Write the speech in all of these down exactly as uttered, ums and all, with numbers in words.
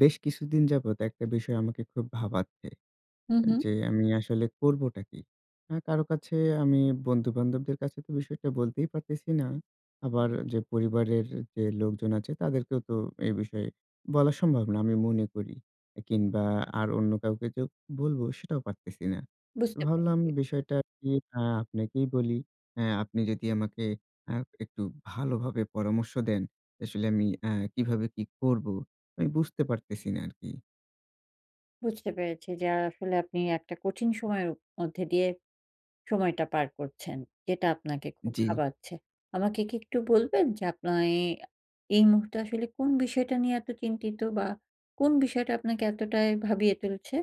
বেশ কিছুদিন যাবৎ একটা বিষয় আমাকে খুব ভাবাচ্ছে। হু, এ হু। যে আমি আসলে করবোটা কি? আ কারো কাছে আমি বন্ধু-বান্ধবদের কাছে তো বিষয়টা বলতেই পারতেছি না। আবার যে পরিবারের যে লোকজন আছে তাদেরকেও তো এই বিষয়ে বলা সম্ভব না, আমি মনে করি। এ কিংবা, আর অন্য কাউকে যে বলবো সেটাও পারতেছি না। বুঝতে ভাবলাম পেরেছি। বিষয়টা কি আ আপনাকেই বলি। অ্যা আপনি যদি আমাকে আ একটু ভালোভাবে পরামর্শ দেন, আসলে আমি আ কিভাবে কি করবো? আমি বুঝতে পারতেছি না আরকি। বুঝতে পেরেছি যে, আ আসলে আপনি একটা কঠিন সময়ের মধ্যে দিয়ে সময়টা পার করছেন। যেটা আপনাকে খুব জি। ভাবাচ্ছে। আমাকে কি একটু বলবেন যে, আপনার এই এই মুহূর্তে আসলে কোন বিষয়টা নিয়ে এত চিন্তিত? বা, কোন বিষয়টা আপনাকে এতটাই ভাবিয়ে তুলছে?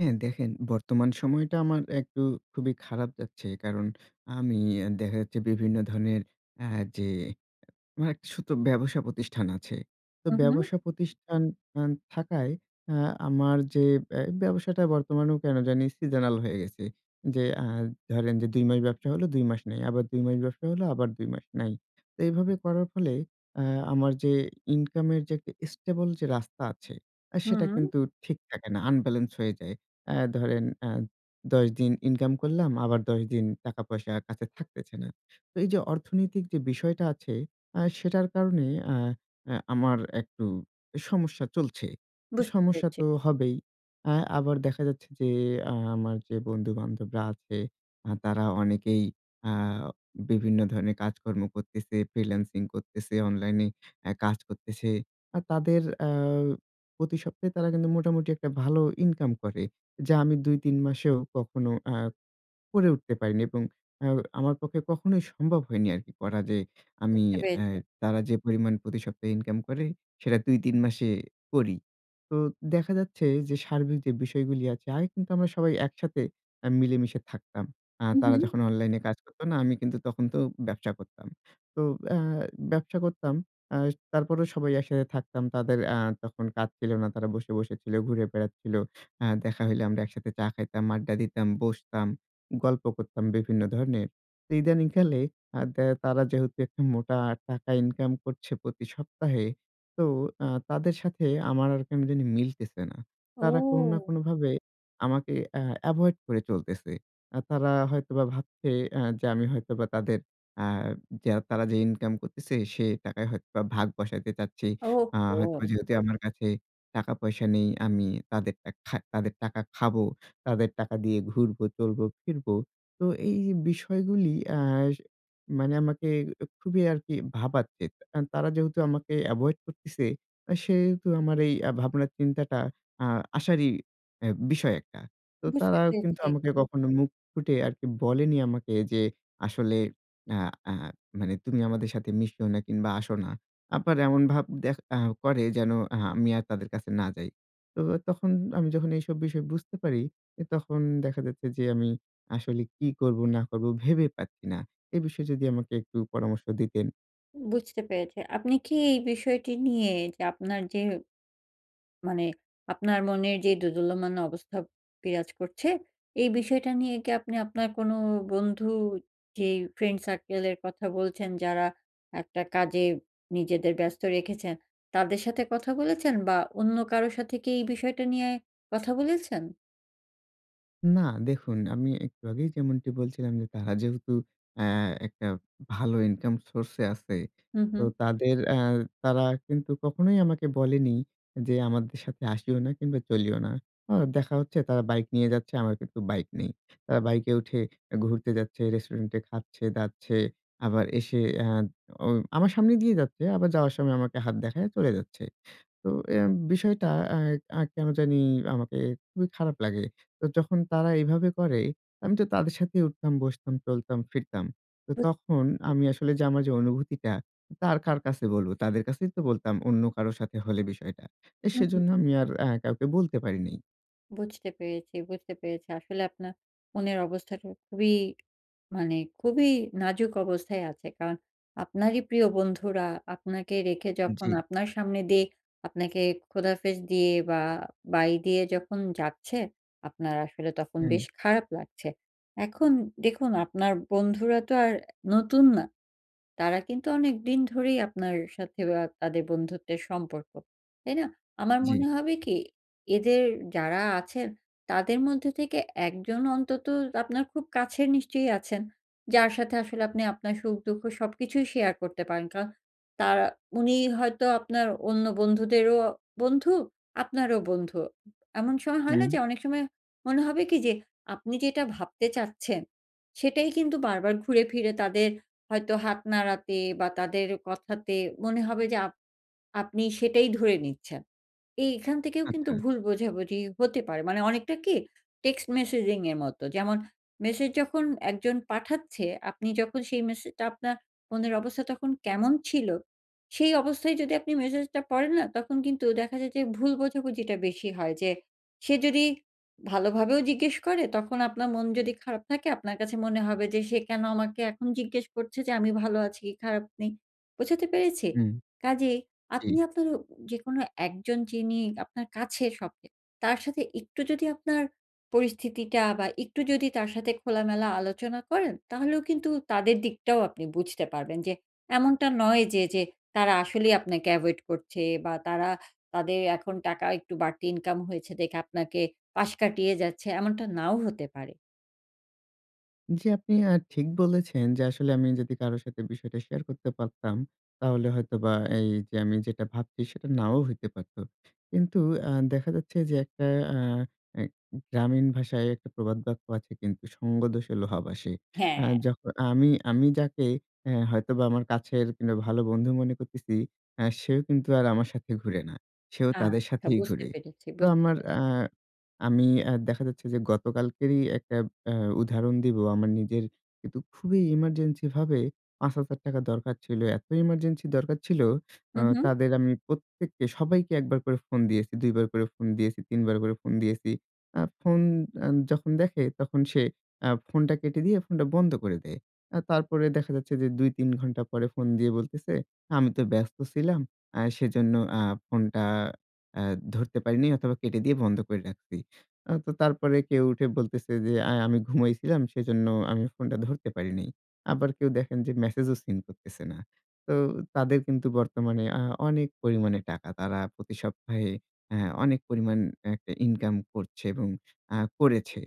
হ্যাঁ, দেখেন বর্তমান সময়টা আমার একটু খুবই খারাপ যাচ্ছে। কারণ, আমি এ দেখা যাচ্ছে বিভিন্ন ধরনের আ যে এ আমার একটা ছোট্ট ব্যবসা প্রতিষ্ঠান আছে। তো হু, হু। ব্যবসা প্রতিষ্ঠান আন থাকায় অ্যা আমার যে বে ব্যবসাটা বর্তমানেও কেন জানি seasonal হয়ে গেছে। যে আ ধরেন যে, দুই মাস ব্যবসা হলো, দুই মাস নাই। আবার দুই মাস ব্যবসা হলো, আবার দুই মাস নাই। তো এইভাবে করার ফলে আ আমার যে ইনকামের যে একটা stable যে রাস্তা আছে, এ সেটা হুম। কিন্তু ঠিক থাকে না, unbalance হয়ে যায়। অ্যা ধরেন আ দশ দিন ইনকাম করলাম, আবার দশ দিন টাকা-পয়সা কাছে থাকতেছে না। তো এইযে অর্থনৈতিক যে বিষয়টা আছে, অ্যা সেটার কারণে অ্যা আ আমার একটু সমস্যা চলছে। বুঝতে সমস্যা পেরেছি। তো হবেই। অ্যা আবার দেখা যাচ্ছে যে, আ আমার যে বন্ধু-বান্ধবরা আছে, আ তারা অনেকেই আ বিভিন্ন ধরনের কাজকর্ম করতেছে, ফ্রিল্যান্সিং করতেছে, অনলাইনে অ্যা কাজ করতেছে। আর তাদের অ্যা প্রতি সপ্তাহে তারা কিন্তু মোটামুটি একটা ভালো ইনকাম করে। যা আমি দুই-তিন মাসেও কখনো অ্যা করে উঠতে পারিনি এবং অ্যা আমার পক্ষে কখনোই সম্ভব হয়নি আরকি করা যে, আমি বুঝতে অ্যা পেরেছি। তারা যে পরিমাণ প্রতি সপ্তাহে ইনকাম করে সেটা দুই-তিন মাসে করি। তো দেখা যাচ্ছে যে, সার্বিক যে বিষয়গুলি আছে আগে কিন্তু আমরা সবাই একসাথে আ মিলেমিশে থাকতাম। আ হু, তারা হু। যখন অনলাইনে কাজ করতো না, আমি কিন্তু তখন তো ব্যবসা করতাম। তো অ্যা ব্যবসা করতাম অ্যা তারপরও সবাই একসাথে থাকতাম। তাদের অ্যা তখন কাজ ছিল না। তারা বসে, বসেছিল, ঘুরে বেড়াচ্ছিল। অ্যা দেখা হইলে আমরা একসাথে চা খাইতাম, আড্ডা দিতাম, বসতাম, গল্প করতাম বিভিন্ন ধরনের। তো ইদানীং কালে আ দে তারা যেহেতু একটা মোটা টাকা ইনকাম করছে প্রতি সপ্তাহে, তো আ তাদের সাথে আমার আর কেন জানি মিলতেছে না। তারা কোন না ও! কোনভাবে আমাকে অ্যা এভয়েড করে চলতেছে। অ্যা তারা হয়তোবা ভাবছে অ্যা যে আমি হয়তোবা তাদের অ্যা যে তারা যে ইনকাম করতেছে সে টাকায় হয়তোবা ভাগ বসাতে চাচ্ছি। আ হয়তোবা ওহহো! যেহেতু আমার কাছে টাকা-পয়সা নেই, আমি তাদেরটা খা তাদের টাকা খাবো, তাদের টাকা দিয়ে ঘুরবো, চলবো, ফিরবো। তো এ এই বিষয়গুলি অ্যাস মানে আমাকে উ খুবই আরকি ভাবাচ্ছে। আন তারা যেহেতু আমাকে এভয়েড করতেছে, আ সেহেতু আমার এই ভাবনা-চিন্তাটা আ আসারই এ বিষয় একটা। তো বুঝতে তারাও কিন্তু পেরেছি। আমাকে কখনো মুখ ফুটে আরকি বলেনি আমাকে যে আসলে আ আ মানে, "তুমি আমাদের সাথে মিশিও না কিংবা আসো না।" আবার এমন ভাব দেখ আ করে যেন আ আমি আর তাদের কাছে না যাই। তো আ তখন আমি যখন এইসব বিষয় বুঝতে পারি, এ তখন দেখা যাচ্ছে যে, আমি আসলে কি করবো না করবো, ভেবে পাচ্ছি না। এ বিষয়ে যদি আমাকে একটু পরামর্শ দিতেন। উ বুঝতে পেরেছি। আপনি কি এই বিষয়টি নিয়ে যে, আপনার যে মানে আপনার মনের যে দোদুল্যমান অবস্থা বিরাজ করছে, এই বিষয়টা নিয়ে কি আপনি আপনার কোন বন্ধু যে ফ্রেন্ড সার্কেল এর কথা বলছেন, যারা একটা কাজে নিজেদের ব্যস্ত রেখেছেন তাদের সাথে কথা বলেছেন, বা অন্য কারো সাথে কি এই বিষয়টা নিয়ে কথা বলেছেন? না, দেখুন আমি একটু আগেই যেমনটি বলছিলাম যে তারা যেহেতু অ্যা একটা ভালো ইনকাম সোর্সে আছে। হুম, তো হুম। তাদের অ্যা তারা কিন্তু কখনোই আমাকে বলেনি যে আমাদের সাথে আসিও না কিংবা চলিও না। অ দেখা হচ্ছে তারা বাইক নিয়ে যাচ্ছে, আমার কিন্তু বাইক নেই। তারা বাইকে উঠে এ ঘুরতে যাচ্ছে, রেস্টুরেন্টে খাচ্ছে-দাচ্ছে, আবার এসে আ ও আমার সামনে দিয়েই যাচ্ছে, আবার যাওয়ার সময় আমাকে হাত দেখাইয়া চলে যাচ্ছে। তো এম বিষয়টা আ আ কেনো জানি আমাকে খুবই খারাপ লাগে। তো যখন তারা এভাবে করে আমি তো তাদের সাথেই উঠতাম, বসতাম, চলতাম, ফিরতাম। তো বুঝতে তখন পেরেছি। আমি আসলে যে আমার যে অনুভূতিটা তা আর কার কাছে বলবো, তাদের কাছেই তো বলতাম অন্য কারো সাথে হলে বিষয়টা। এ হুম, হুম। সেজন্য আমি আর আ কাউকে বলতে পারি নি। বুঝতে পেরেছি, বুঝতে পেরেছি। আসলে আপনার মনের অবস্থাটা খুবই, মানে খুবই নাজুক অবস্থায় আছে। কারণ আপনারই প্রিয় বন্ধুরা আপনাকে রেখে যখন জি। আপনার সামনে দিয়ে আপনাকে খোদাফেজ দিয়ে বা বাই দিয়ে যখন যাচ্ছে। আপনার আসলে তখন বেশ হুম। খারাপ লাগছে। এখন দেখুন, আপনার বন্ধুরা তো আর নতুন না। তারা কিন্তু অনেকদিন ধরেই আপনার সাথে বা তাদের বন্ধুত্বের সম্পর্ক। তাই না? আমার মনে জি। হবে কি, এদের যারা আছেন তাদের মধ্য থেকে এক জন অন্তত আপনার খুব কাছের নিশ্চয়ই আছেন। যার সাথে আসলে আপনি আপনার সুখ-দুঃখ সবকিছুই শেয়ার করতে পারেন। কারণ তারা উনি হয়তো আপনার অন্য বন্ধুদেরও বন্ধু, আপনারও বন্ধু। এমন স হয় না? হুম। যে অনেক সময়, মনে হবে কি যে আপনি যেটা ভাবতে চাচ্ছেন সেটাই কিন্তু বারবার ঘুরে ফিরে তাদের হয়তো হাত নাড়াতে বা তাদের কথাতে মনে হবে যে, আপ আপনি সেটাই ধরে নিচ্ছেন। এই এখান থেকেও কিন্তু আচ্ছা। ভুল বোঝাবুঝি হতে পারে। মানে অনেকটা কি টেক্সট-মেসেজিং এর মত। যেমন, মেসেজ যখন একজন পাঠাচ্ছে, আপনি যখন সেই মেসেজটা আপনার মনের অবস্থা তখন কেমন ছিল, সেই অবস্থায় যদি আপনি মেসেজ টা পড়েন না তখন কিন্তু দেখা যায় যে ভুল বোঝাবুঝিটা বেশি হয়। যে সে যদি ভালোভাবেও জিজ্ঞেস করে তখন আপনার মন যদি খারাপ থাকে আপনার কাছে মনে হবে যে সে কেন আমাকে এখন জিজ্ঞেস করছে যে আমি ভালো আছি কি খারাপ নেই? বোঝাতে পেরেছি? হুম কাজেই জি। আপনি আপনার যেকোনো একজন যিনি আপনার কাছে সব চেয়ে তার সাথে একটু যদি আপনার পরিস্থিতিটা বা একটু যদি তার সাথে খোলামেলা আলোচনা করেন, তাহলেও কিন্তু তাদের দিকটাও আপনি বুঝতে পারবেন। যে এমনটা নয় যে, যে তারা আসলেই আপনাকে এভয়েড করছে বা তারা তাদের এখন টাকা একটু বাড়তি ইনকাম হয়েছে দেখে আপনাকে পাশ কাটিয়ে যাচ্ছে এমনটা নাও হতে পারে। জি, আপনি আ ঠিক বলেছেন, যে আসলে আমি যদি কারো সাথে বিষয়টা শেয়ার করতে পারতাম। তাহলে হয়তোবা এই যে, আমি যেটা ভাবছি সেটা নাও হইতে পারত। কিন্তু আ দেখা যাচ্ছে যে, একটা অ্যা আ গ্রামীণ ভাষায় একটা প্রবাদ বাক্য আছে কিন্তু, "সঙ্গদোষে লোহা ভাসে।" হ্যাঁ। অ্যা যখন আমি আমি যাকে অ্যা হয়তোবা আমার কাছের, কিংবা ভালো বন্ধু মনে করতেছি, অ্যা সেও কিন্তু আর আমার সাথে ঘুরে না। সেও তাদের আচ্ছা। সাথেই বুঝতে ঘুরে। পেরেছি, তো বুঝতে আমার পেরেছি। আ আমি অ্যা দেখা যাচ্ছে যে, গতকালকেরই একটা আ উদাহরণ দিব। আমার নিজের কিন্তু খুবই ইমার্জেন্সি ভাবে, পাঁচ হাজার টাকা দরকার ছিল। এত ইমার্জেন্সি দরকার ছিল, হু, অ্যা হু। তাদের আমি প্রত্যেককে, সবাইকে এক বার করে ফোন দিয়েছি, দুই বার করে ফোন দিয়েছি, তিন বার করে ফোন দিয়েছি। আ ফোন আ যখন দেখে, তখন সে অ্যা ফোনটা কেটে দিয়ে, ফোনটা বন্ধ করে দেয়। অ্যা তারপরে দেখা যাচ্ছে যে, দুই-তিন ঘন্টা পরে ফোন দিয়ে বলতেছে, আমি তো ব্যস্ত ছিলাম, অ্যা সেজন্য অ্যা ফোনটা অ্যা ধরতে পারিনি অথবা কেটে দিয়ে বন্ধ করে রাখছি। তো তারপরে কেউ উঠে বলতেছে যে, অ্যা আমি ঘুমাইছিলাম, সেজন্য আমি ফোনটা ধরতে পারি নাই। আবার কেউ দেখেন যে, মেসেজও সিন করতেছে না। তো তাদের কিন্তু, বর্তমানে আ অনেক পরিমাণে টাকা। তারা প্রতি সপ্তাহে, আ অনেক পরিমাণ একটা ইনকাম করছে এবং আ করেছে।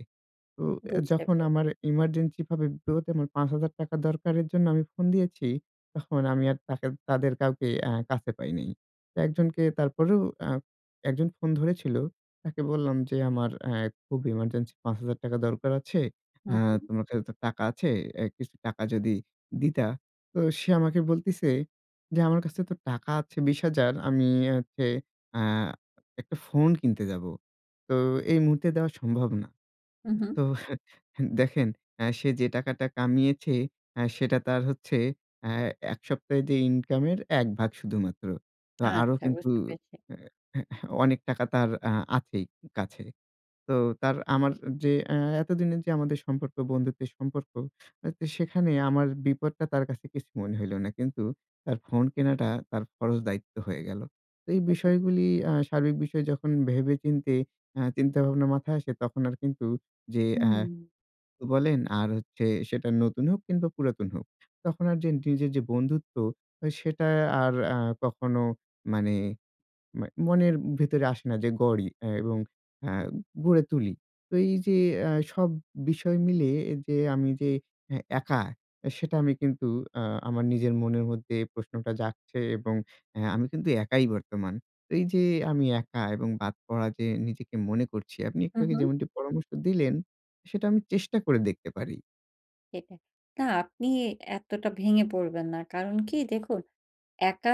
তো বুঝতে যখন পেরেছি। আমার ইমার্জেন্সি ভাবে, বিপদে আমার পাঁচ হাজার টাকা দরকারের জন্য আমি ফোন দিয়েছি, তখন আমি আর তাদের তাদের কাউকে অ্যা কাছে পাই নাই। তো একজনকে তারপরেও, অ্যা একজন ফোন ধরেছিল। তাকে বললাম যে, "আমার অ্যা খুব ইমার্জেন্সি পাঁচ হাজার টাকা দরকার আছে। হু, অ্যা হু। তোমার কাছে তো টাকা আছে, এ কিছু টাকা যদি দিতা?" তো সে আমাকে বলতিছে যে, "আমার কাছে তো টাকা আছে বিশ হাজার আমি ইয়া হচ্ছে, আ একটা ফোন কিনতে যাবো। তো এই মুহূর্তে দেওয়া সম্ভব না।" হু, হু। তো দেখেন, অ্যা সে যে টাকাটা কামিয়েছে, অ্যা সেটা তার হচ্ছে, অ্যা এক সপ্তাহে যে ইনকামের, এক ভাগ শুধুমাত্র। তো আরো আচ্ছা। কিন্তু, বুঝতে পেরেছি। অ্যা হ্য অনেক টাকা তার আ আছেই কাছে। তো তার আমার যে, এ এতদিনের যে আমাদের সম্পর্ক, বন্ধুত্বের সম্পর্ক। তো সেখানে আমার বিপদটা তার কাছে কিছু মনে হইল না। কিন্তু তার ফোন কেনাটা, তার ফরজ দায়িত্ব হয়ে গেল। তো এই হু, হু। বিষয়গুলি আ সার্বিক বিষয় যখন ভেবে চিন্তে, আ চিন্তা ভাবনা মাথায় আসে, তখন আর কিন্তু যে, অ্যা হুম। [unintelligible] বলেন আর হচ্ছে, সেটা নতুন হোক, কিংবা পুরাতন হোক। তখন আর যে নিজের যে বন্ধুত্ব, সেটা আর আ কখনো মানে, ম্যা মনের ভেতরে আসে না যে গড়ি এ এবং অ্যা গড়ে তুলি। তো এই যে, অ্যা সব বিষয় মিলে যে, আমি যে এ একা, সেটা আমি কিন্তু অ্যা আমার নিজের মনের মধ্যে প্রশ্নটা জাগছে এবং অ্যা আমি কিন্তু একাই বর্তমান। এই যে আমি একা এবং বাদ পড়া যে নিজেকে মনে করছি, আপনি হু, একটু আগে হু। যেমনটি পরামর্শ দিলেন। সেটা আমি চেষ্টা করে দেখতে পারি। সেটা, না আপনি এতটা ভেঙে পড়বেন না। কারণ কি? দেখুন একা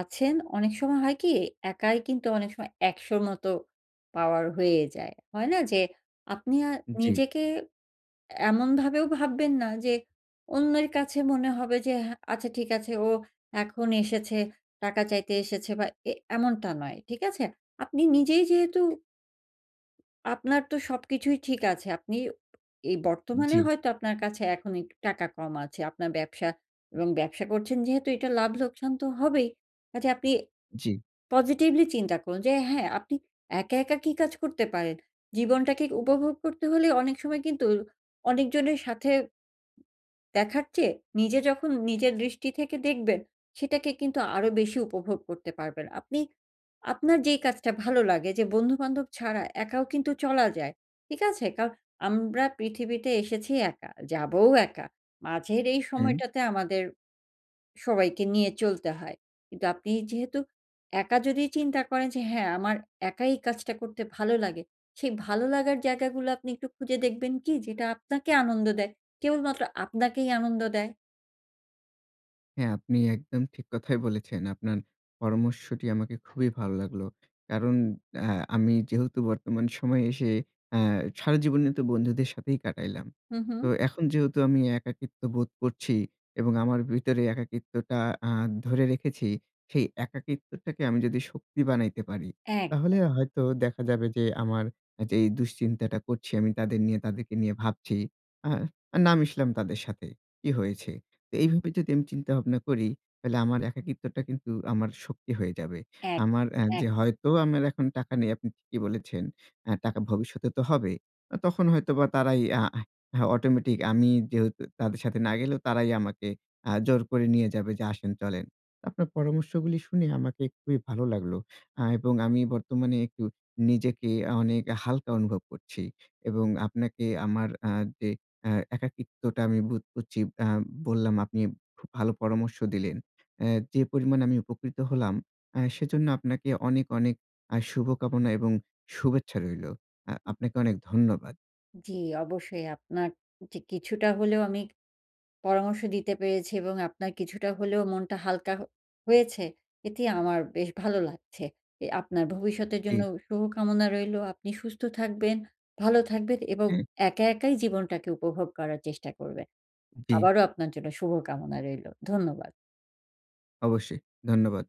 আছেন অনেক সময় হয় কি? একাই কিন্তু অনেক সময় একশ র মত পাওয়ার হয়ে যায়। হয় না? যে আপনি আর জি। নিজেকে এমনভাবেও ভাববেন না যে অন্যের কাছে মনে হবে যে "হ্যাঁ আচ্ছা ঠিক আছে ও এখন এসেছে টাকা চাইতে এসেছে বা এ এমনটা নয়।" ঠিক আছে? আপনি নিজেই যেহেতু আপনার তো সবকিছুই ঠিক আছে। আপনি এই বর্তমানে জি। হয়তো আপনার কাছে এখন একটু টাকা কম আছে। আপনার ব্যবসা এবং ব্যবসা করছেন যেহেতু এটা লাভ-লোকসান তো হবেই। কাজেই আপনি জি। পজিটিভলি চিন্তা করুন যে হ্যাঁ আপনি একা, একা কি কাজ করতে পারেন। জীবনটাকে উপভোগ করতে হলে অনেক সময় কিন্তু অনেকজনের সাথে দেখার চেয়ে নিজে যখন নিজের দৃষ্টি থেকে দেখবেন সেটাকে কিন্তু আরো বেশি উপভোগ করতে পারবেন। আপনি আপনার যেই কাজটা ভালো লাগে যে বন্ধু-বান্ধব ছাড়া একাও কিন্তু চলা যায়। ঠিক আছে? কারণ আমরা পৃথিবীতে এসেছি একা, যাবও একা। মাঝের এই হুম। সময়টাতে আমাদের সবাইকে নিয়ে চলতে হয়। কিন্তু আপনি যেহেতু একা যদি চিন্তা করেন যে হ্যাঁ আমার একাই কাজটা করতে ভালো লাগে। সেই ভালো লাগার জায়গাগুলা আপনি একটু খুঁজে দেখবেন কি? যেটা আপনাকে আনন্দ দেয়? কেবলমাত্র আপনাকেই আনন্দ দেয়? হ্যাঁ, আপনি একদম ঠিক কথাই বলেছেন। আপনার পরামর্শটি আমাকে খুবই ভালো লাগলো। কারণ অ্যা আমি যেহেতু বর্তমান সময়ে এসে অ্যা সারা জীবনই তো বন্ধুদের সাথেই কাটাইলাম। হু, তো হু। এখন যেহেতু আমি একাকিত্ব বোধ করছি এবং আমার ভিতরে একাকিত্বটা আ ধরে রেখেছি সেই একাকিত্বটাকে আমি যদি শক্তি বানাইতে পারি, তাহলে একদম। হয়তো দেখা যাবে যে আমার অ্যা যেই দুশ্চিন্তাটা করছি আমি তাদের নিয়ে তাদেরকে নিয়ে ভাবছি, আ না মিশলাম তাদের সাথে। কি হয়েছে? তো এইভাবে যদি আমি চিন্তা ভাবনা করি তাহলে আমার একাকিত্বটা কিন্তু আমার শক্তি হয়ে যাবে। একদম, আমার অ্যা যে একদম। হয়তো আমার এখন টাকা নেই আপনি ঠিকই বলেছেন। অ্যা টাকা ভবিষ্যতে তো হবে। অ তখন হয়তো বা তারাই আ হা হা অটোমেটিক আমি যেহেতু তাদের সাথে না গেলেও তারাই আমাকে আ জোর করে নিয়ে যাবে যে আসেন চলেন। আপনার পরামর্শগুলি শুনে আমাকে খুবই ভালো লাগলো। আ এবং আমি বর্তমানে একটু নিজেকে অনেক হালকা অনুভব করছি। এবং আপনাকে আমার আ যে অ্যা একাকিত্বটা আমি বোধ করছি আম বললাম আপনি খুব ভালো পরামর্শ দিলেন। অ্যা যে পরিমাণে আমি উপকৃত হলাম আ সেজন্য আপনাকে অনেক, অনেক আ শুভকামনা এবং শুভেচ্ছা রইলো। আ আপনাকে অনেক ধন্যবাদ। জি, অবশ্যই আপনার য কিছুটা হলেও আমি পরামর্শ দিতে পেরেছি এবং আপনার কিছুটা হলেও মনটা হালকা হ হয়েছে। এটি আমার বেশ ভালো লাগছে। অ্যা আপনার ভবিষ্যতের জন্য জি। শুভ কামনা রইলো। আপনি সুস্থ থাকবেন, ভালো থাকবেন এবং হুম। একা একাই জীবনটাকে উপভোগ করার চেষ্টা করবেন। জি। আবারো আপনার জন্য শুভ কামনা রইলো। ধন্যবাদ। অবশ্যই। ধন্যবাদ।